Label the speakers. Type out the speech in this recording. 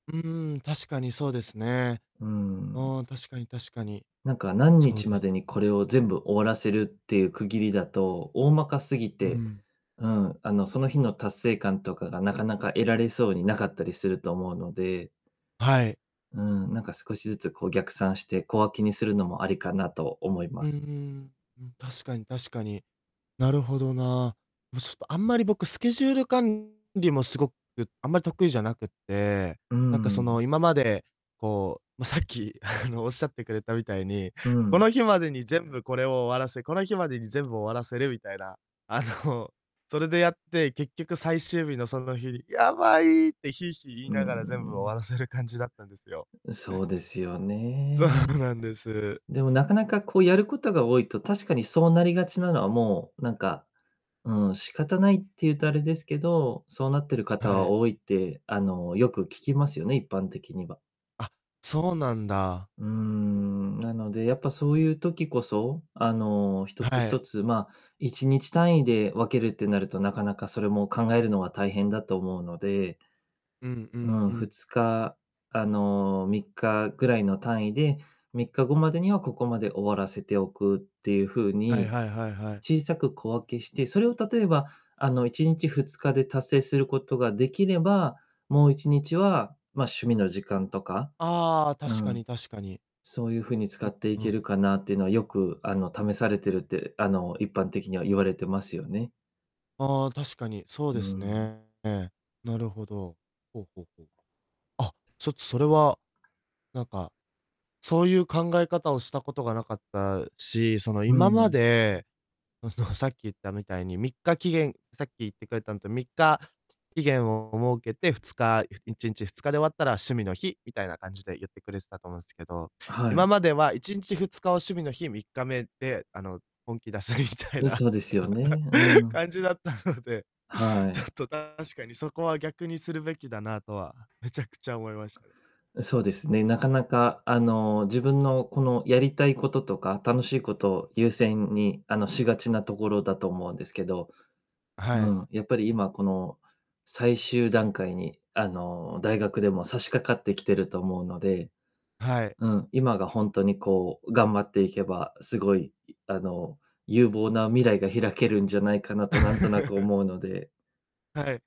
Speaker 1: うーん、確かにそうですね。
Speaker 2: うーん。
Speaker 1: あ、確かに確かに。
Speaker 2: なんか、何
Speaker 1: そう
Speaker 2: 日
Speaker 1: で
Speaker 2: ま
Speaker 1: す。
Speaker 2: でにこれを全部終わらせるっていう区切りだと、大まかすぎ
Speaker 1: う
Speaker 2: て
Speaker 1: ん。
Speaker 2: うん、あの、その日の達成感とかがなかなか得られそうになかったりすると思うので
Speaker 1: はい。
Speaker 2: うーん、なんか少しずつこう逆算して、小分けにするのもありかなと思いま
Speaker 1: うー
Speaker 2: す。
Speaker 1: ん、うん、確かに確かに。なるほどな。もうちょっと、あんまり僕スケジュール管理もすごく、あんまり得意じゃなくって、
Speaker 2: うー
Speaker 1: なんかそ
Speaker 2: ん。
Speaker 1: の、今まで、こう、ま、さっき、あの、おっしゃってくれたみたいに
Speaker 2: う
Speaker 1: 「こ
Speaker 2: ん。
Speaker 1: の日までに全部これを終わらせ、この日までに全部終わらせる」みたいな。あの、それでやって、結局最終日のその日に「やばい」ってひいひい言い
Speaker 2: うーん、
Speaker 1: ながら全
Speaker 2: う
Speaker 1: 部終わ
Speaker 2: ん。
Speaker 1: らせる感じだったんですよ。
Speaker 2: ううそうですよ
Speaker 1: そう
Speaker 2: ね。
Speaker 1: なんです。
Speaker 2: でもなかなかこう、やることが多いと、確かにそうなりがちなのはもう、なんか、うん、仕方ないっていうとあれですけど、そうなってる方
Speaker 1: は
Speaker 2: は
Speaker 1: い。
Speaker 2: 多いって、あの、よく聞きますよね、一般的には。
Speaker 1: あ、そうなんだ。
Speaker 2: うーん、なので、やっぱそういう時こそ、あの、一つ
Speaker 1: は
Speaker 2: 一
Speaker 1: い。
Speaker 2: つ、まあ、1日単位で分けるってなると、なかなかそれも考えるのは大変だと思うので
Speaker 1: うんう
Speaker 2: う
Speaker 1: ん
Speaker 2: ん、
Speaker 1: う
Speaker 2: ふ
Speaker 1: ん。
Speaker 2: つか、あの、3日ぐらいの単位で、3日後までにはここまで終わらせておくっていう風
Speaker 1: はい
Speaker 2: に、
Speaker 1: はいはいはい。
Speaker 2: 小さく小分けして、それを例えばあの、1日、2日で達成することができれば、もう1日は、ま、趣味の時間とか
Speaker 1: ああ、
Speaker 2: う
Speaker 1: 確か
Speaker 2: ん。
Speaker 1: に確かに。
Speaker 2: そういうふうに使
Speaker 1: う
Speaker 2: ってい
Speaker 1: うん。
Speaker 2: けるかなっていうのは、よく、あの、試されてるって、あの、一般的には言われてますよね。
Speaker 1: あ、確かにそう
Speaker 2: うー
Speaker 1: です
Speaker 2: ん。
Speaker 1: ね。なるほど。ほうほうほう。あ、ちょっとそれは、なんか、そういう考え方をしたことがなかったし、その
Speaker 2: う
Speaker 1: 今ま
Speaker 2: ん。
Speaker 1: で、あの、さっき言ったみたいに、3日期限さっき言ってくれたのと、3日、あ、期限を設けて、2日、ゆ1日、2日で終わったら、趣味の日みたいな感じで言ってくれてたと思うんすけど、
Speaker 2: あ、は
Speaker 1: 今
Speaker 2: い。
Speaker 1: までは1日、2日を趣味の日、3日目で、あの、本気出すみたい
Speaker 2: うん、
Speaker 1: な
Speaker 2: そうですよね。うん。
Speaker 1: 感じだったので、
Speaker 2: は
Speaker 1: ちょっ
Speaker 2: い。
Speaker 1: と確かにそこは逆にするべきだなとは、めちゃくちゃ思いましたね。
Speaker 2: うそうですね。なかなかあの、自分のこのやりたいこととか、楽しいことを優先にあの、しがちなところだと思うんですけど。
Speaker 1: あ、
Speaker 2: う
Speaker 1: はい。
Speaker 2: ん、やっぱり今この最終段階にあの、大学でも差し掛かってきてると思うので
Speaker 1: はい。
Speaker 2: うん、今がほんとにこう、頑張っていけば、すごい、いあの、有望な未来が開けるんじゃないかなとなんとなく 思うので
Speaker 1: はい。